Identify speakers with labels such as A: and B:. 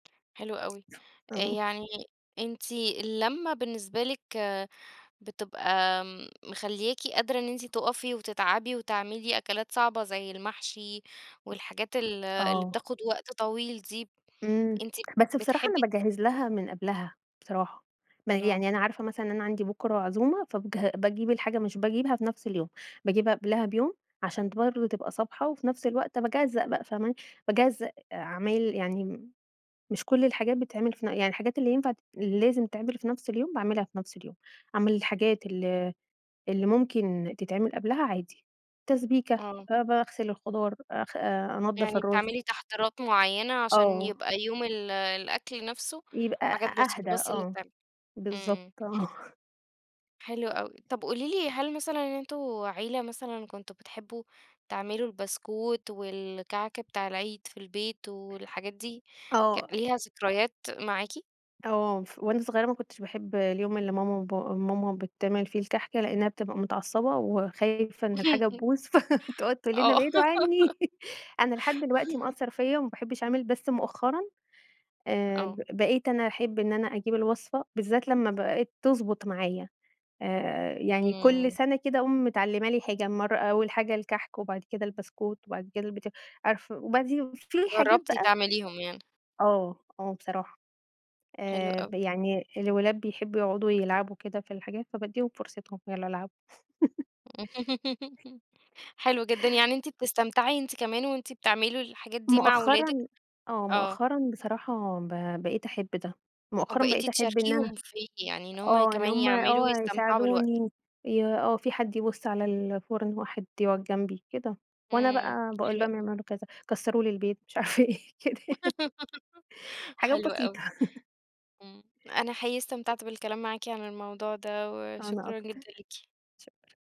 A: حلو أوي، آآ،
B: إمم.
A: يعني أنتِ اللمّة بالنسبة لِك بتبقى مخلياكِ قادرة إن أنتِ تُقفي وتتعبي وتعملي أكلات صعبة زي المحشي والحاجات ال اللي
B: آه.
A: بتاخد وقت طويل دي،
B: إمم،
A: أنتِ
B: بس بصراحة أنا
A: بتحبي
B: باجهّز لها من قبلها، بصراحة، م
A: آه.
B: يعني أنا عارفة مثلًا أنا عندي بُكرة عزومة فبج باجيب الحاجة، مش باجيبها في نَفس اليوم، باجيبها قبلها بيوم عشان ت برضو تبقى صابحة، وفي نَفس الوقت باجزّأ بقى فاهماني؟ باجزّأ عمايل يعني مش كُلّ الحاجات بتتعمل في ن يعني الحاجات اللي ينفع ت لازم تتعمل في نَفس اليوم باعملها في نَفس اليوم، أعمل الحاجات ال اللي ممكن تتعمل قبلها عادي، تسبيكة،
A: آه.
B: آآ، باغسل الخضار آآ، خ أنضف
A: يعني
B: الرز.
A: بتعملي تحضيرات معيّنة عشان
B: آه.
A: يبقى يوم ال الأكل نَفسه
B: يبقى
A: حاجات
B: أ
A: بسيطة
B: أهدى
A: بس اللي
B: آه،
A: تتعمل،
B: بالضبط
A: إمم.
B: آه.
A: حلو أوي، طَب قولي لي هل مثلًا أنتم عيلة مثلًا كنتم بتحبوا تعملوا البسكويت والكعك بتاع العيد في البيت والحاجات دي
B: آه.
A: ليها ك ذكريات معاكِ؟
B: آه، ف وأنا صغيّرة ما كُنتش باحب اليوم اللي ماما وبا ماما بتعمل فيه الكحك لأنها بتبقى متعصبة وخايفة إن الحاجة تبوظ، فتقعد تقول لنا:
A: آه.
B: "ابعدوا عنّي"، أنا لحد دلوقتي مأثر فيَّ وما باحبش أعمل، بس مؤخرًا آآ،
A: آه.
B: ب بقيت أنا أحب إن أنا أجيب الوصفة بالذات لمّا بقِت تضبط معايا آآ، يعني كُلّ
A: إمم.
B: سنة كده اقوم متعلمة لي حاجة، مَرّة أوّل حاجة الكحك وبعد كده البسكويت وبعد كده اليبت عارفة وبعديه في حاجات
A: جربتِ
B: بقى
A: تعمليهم يعني.
B: آه آه بصراحة
A: حلو
B: آآ،
A: أوي.
B: ب يعني الولاد بيحبوا يقعدوا يلعبوا كده في الحاجات فباديهم فرصتهم يالّا العبوا.
A: حلو جدًا، يعني أنتِ بتستمتعي أنتِ كمان وأنتِ بتعملوا الحاجات دي مع ولادِك؟
B: مؤخرًا آه،
A: آه.
B: مؤخرًا بصراحة ب بقيت أحب ده، مؤخرًا
A: وبقيتِ
B: بقيت أحب إن أنا
A: تشاركيهم فيه، يعني إن هُم
B: آه إن
A: كمان
B: هُم
A: يعملوا
B: آه
A: ويستمتعوا بالوقت.
B: يساعدوني ي آه، في حد يبُص على الفرن، واحد يقعد جنبي كده، وأنا
A: إمم،
B: بقى باقول
A: حلو
B: لهم
A: أوي.
B: يعملوا كذا، كسروا لي البيت مش عارفة إيه كده يعني. حاجات
A: حلو
B: بسيطة.
A: أوي، إمم، أنا حقيقي استمتعت بالكلام معاكِ عن الموضوع ده،
B: أنا
A: وشكرًا
B: أكتر
A: جدًا ليكِ.
B: شكرًا.